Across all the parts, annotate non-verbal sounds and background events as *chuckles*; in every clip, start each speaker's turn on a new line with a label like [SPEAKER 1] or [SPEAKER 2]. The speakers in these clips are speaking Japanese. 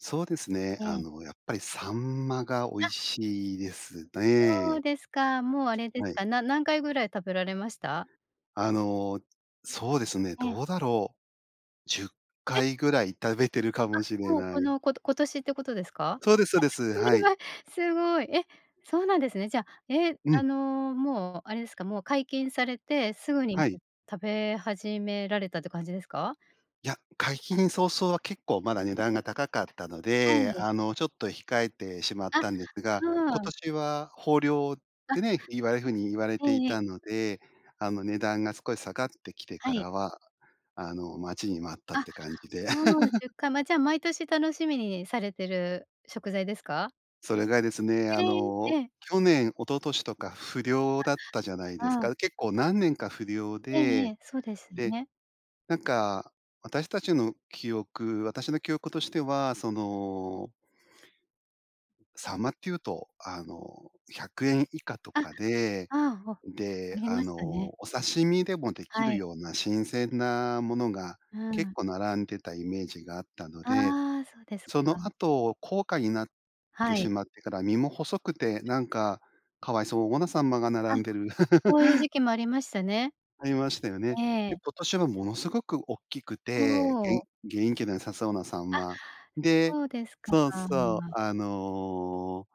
[SPEAKER 1] そうですね。
[SPEAKER 2] え
[SPEAKER 1] あ
[SPEAKER 2] え。
[SPEAKER 1] の、やっぱり秋刀魚が美
[SPEAKER 2] あ。
[SPEAKER 1] 味しいです
[SPEAKER 2] そう
[SPEAKER 1] ね。
[SPEAKER 2] ですか、もう、あれで
[SPEAKER 1] は
[SPEAKER 2] す
[SPEAKER 1] い。
[SPEAKER 2] か、な何回ぐらい食べられました？
[SPEAKER 1] あの、そうですね、
[SPEAKER 2] ええ。
[SPEAKER 1] どうだろう。じゅっ
[SPEAKER 2] え。
[SPEAKER 1] かいぐらい食べてるかもし
[SPEAKER 2] あ、
[SPEAKER 1] れ
[SPEAKER 2] もう、こ
[SPEAKER 1] ない。
[SPEAKER 2] の、こと今年ってことですか？
[SPEAKER 1] そうですそうです。
[SPEAKER 2] え、そ
[SPEAKER 1] は
[SPEAKER 2] れ
[SPEAKER 1] い。
[SPEAKER 2] はすごい。え、そうなんですね。じゃ、え、
[SPEAKER 1] うう
[SPEAKER 2] あ
[SPEAKER 1] ん。
[SPEAKER 2] の、もう、あれですか、もう解禁されてすぐに
[SPEAKER 1] は
[SPEAKER 2] と
[SPEAKER 1] い。
[SPEAKER 2] 食べ始められたって感じですか？
[SPEAKER 1] いや、解禁早々は結構まだ値段が高かったの
[SPEAKER 2] は
[SPEAKER 1] で、
[SPEAKER 2] い。
[SPEAKER 1] あの、ちょっと控えてしまっ
[SPEAKER 2] あ、
[SPEAKER 1] たんですが、今
[SPEAKER 2] うーん。
[SPEAKER 1] 年は豊漁っ
[SPEAKER 2] あ。
[SPEAKER 1] てね、言われる風に言われ
[SPEAKER 2] え
[SPEAKER 1] てい
[SPEAKER 2] え。
[SPEAKER 1] たので、あの、値段が少し下がってきて
[SPEAKER 2] は
[SPEAKER 1] か
[SPEAKER 2] い。
[SPEAKER 1] らは、あの、待ちに待ったっ
[SPEAKER 2] あ。
[SPEAKER 1] て感じで。
[SPEAKER 2] もう
[SPEAKER 1] *laughs*
[SPEAKER 2] 10回。ま、じゃ、毎年楽しみにされてる食材ですか？
[SPEAKER 1] それがですね、あ
[SPEAKER 2] へえ、
[SPEAKER 1] の、
[SPEAKER 2] ええ。
[SPEAKER 1] 去年、一昨年とか不漁だったじゃない
[SPEAKER 2] あ、
[SPEAKER 1] です
[SPEAKER 2] ああ。
[SPEAKER 1] か。結構何年か不漁
[SPEAKER 2] えええ
[SPEAKER 1] で、
[SPEAKER 2] え。そうですよ
[SPEAKER 1] で、
[SPEAKER 2] ね。
[SPEAKER 1] なんか、私たちの記憶私の記憶としては、そのう秋刀魚って言うと、あの、100円以下と
[SPEAKER 2] あ、あ
[SPEAKER 1] かで、
[SPEAKER 2] あ、あ、あ
[SPEAKER 1] で、
[SPEAKER 2] り
[SPEAKER 1] あ
[SPEAKER 2] ました
[SPEAKER 1] の、
[SPEAKER 2] ね。
[SPEAKER 1] お刺身でもでき
[SPEAKER 2] は
[SPEAKER 1] る
[SPEAKER 2] い。
[SPEAKER 1] ような新鮮なものが
[SPEAKER 2] うー
[SPEAKER 1] 結
[SPEAKER 2] ん。
[SPEAKER 1] 構並んでたイメージがあったので、
[SPEAKER 2] ああ、そうですか。
[SPEAKER 1] その後高価になって
[SPEAKER 2] は
[SPEAKER 1] し
[SPEAKER 2] い。
[SPEAKER 1] まってから、身も細くてなんか可哀そうな秋刀魚が
[SPEAKER 2] あ、
[SPEAKER 1] 並んでる。
[SPEAKER 2] そういう
[SPEAKER 1] *chuckles*
[SPEAKER 2] 時期もありましたね。
[SPEAKER 1] ありましたよね。
[SPEAKER 2] え
[SPEAKER 1] で、
[SPEAKER 2] え。
[SPEAKER 1] 今年はものすごくおっきく
[SPEAKER 2] ほ
[SPEAKER 1] て、げいん
[SPEAKER 2] お。
[SPEAKER 1] 元気が良さそうな秋刀
[SPEAKER 2] あ、
[SPEAKER 1] 魚。で
[SPEAKER 2] そうですか。
[SPEAKER 1] そうそう、あの、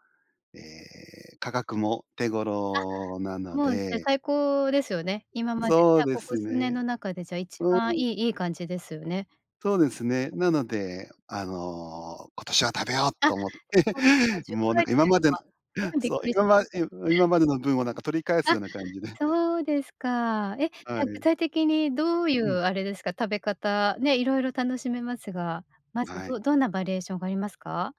[SPEAKER 1] ええ、価格も手頃な
[SPEAKER 2] あ、
[SPEAKER 1] の
[SPEAKER 2] もうして。
[SPEAKER 1] で
[SPEAKER 2] 最高ですよね。今まで、
[SPEAKER 1] そ
[SPEAKER 2] じ
[SPEAKER 1] う
[SPEAKER 2] ゃあ、
[SPEAKER 1] で
[SPEAKER 2] ここ
[SPEAKER 1] す
[SPEAKER 2] 数年
[SPEAKER 1] ね。
[SPEAKER 2] の中で、じゃあ、一
[SPEAKER 1] うん。
[SPEAKER 2] 番いいいい感じですよね。
[SPEAKER 1] そうですね。なので、あの、「今年は食べよう！」
[SPEAKER 2] あ、す
[SPEAKER 1] と思って、
[SPEAKER 2] ごいですね。
[SPEAKER 1] *chuckles*
[SPEAKER 2] じゅっ
[SPEAKER 1] もう、
[SPEAKER 2] か
[SPEAKER 1] なん
[SPEAKER 2] い
[SPEAKER 1] か、
[SPEAKER 2] って
[SPEAKER 1] 今
[SPEAKER 2] いう
[SPEAKER 1] ま
[SPEAKER 2] の
[SPEAKER 1] での
[SPEAKER 2] は、すごいびっ
[SPEAKER 1] そう、
[SPEAKER 2] くりし
[SPEAKER 1] 今ま
[SPEAKER 2] ました。
[SPEAKER 1] うん、今までの分をなんか取り返す
[SPEAKER 2] あ、
[SPEAKER 1] ような感じで。
[SPEAKER 2] そうですか。え、じ
[SPEAKER 1] は
[SPEAKER 2] ゃ、具
[SPEAKER 1] い。
[SPEAKER 2] 体的にどういう
[SPEAKER 1] うん。
[SPEAKER 2] あれですか、食べ方、ね、色々楽しめますが。まず、
[SPEAKER 1] は
[SPEAKER 2] ど
[SPEAKER 1] い。
[SPEAKER 2] どんなバリエーションがありますか？